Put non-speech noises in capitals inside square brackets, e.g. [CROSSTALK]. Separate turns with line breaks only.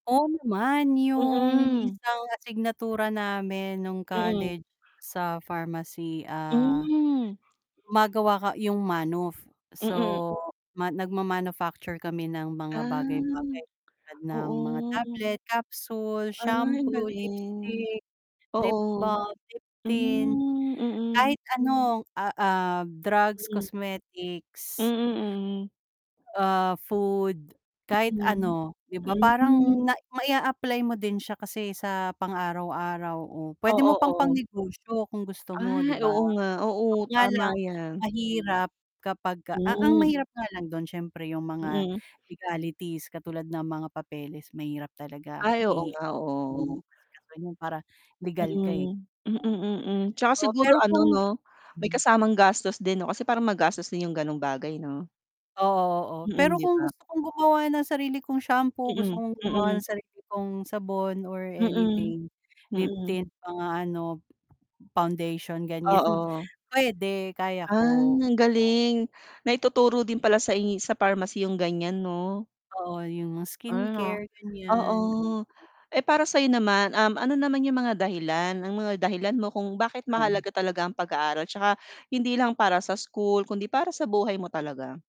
Oo naman, yung
Mm.
isang asignatura namin nung
Mm.
college sa pharmacy, ah,
Hmm.
gumagawa ka yung manuf.
Mm.
So, ma nagma-manufacture kami ng mga
Ah,
bagay-bagay tulad ng mga
oo.
tablet, capsule,
Ay
shampoo,
galing.
lipstick, lip
Oo.
balm, lip tint,
Hmm, mm.
kahit ano, ah, ah, drugs,
Mm. Mm,
cosmetics
mm.
ah, food kahit
Hmm.
ano. 'Di ba
Hmm.
parang na mai-a-apply mo din siya kasi sa pang araw-araw o pwede
Oo,
mo pang
oo.
pangnegosyo kung gusto mo 'di
Ay,
ba.
oo nga, oo
Kaya
tama
lang,
yan.
mahirap kapag a ang
Mm.
mahirap nga lang dun syempre yung mga
Mm.
legalities katulad ng mga papeles mahirap talaga
Ay oo
i
nga, oo.
[UNINTELLIGIBLE] asikasuhin yun para legal ka eh.
Mm. mm, mm, tsaka
Oo,
siguro
pero
ano,
kung
'no, may
mm.
kasamang gastos din, 'no, kasi parang magastos din yung ganung bagay, 'no.
Oo, oo, pero
Mm, 'di
kung
ba?
gusto kong gumawa ng sarili kong shampoo, gusto
Mm,
kong gumawa
mm.
ng sarili kong sabon, or
Mm.
anything, lip
Mm.
tint mga ano, foundation, ganyan.
Oo.
Pwede, kaya
Ah,
ko.
ang
Oh.
galing. Naituturo din pala sai sa pharmacy yung ganyan, 'no?
Oo, yung mga
Ano.
skincare, ganyan. Mm.
Oo, eh para sa 'yo naman, um, ano naman yung mga dahilan, ang mga dahilan mo kung bakit
Oo.
mahalaga talaga ang pag-aaral tsaka, hindi lang para sa school kundi para sa buhay mo talaga?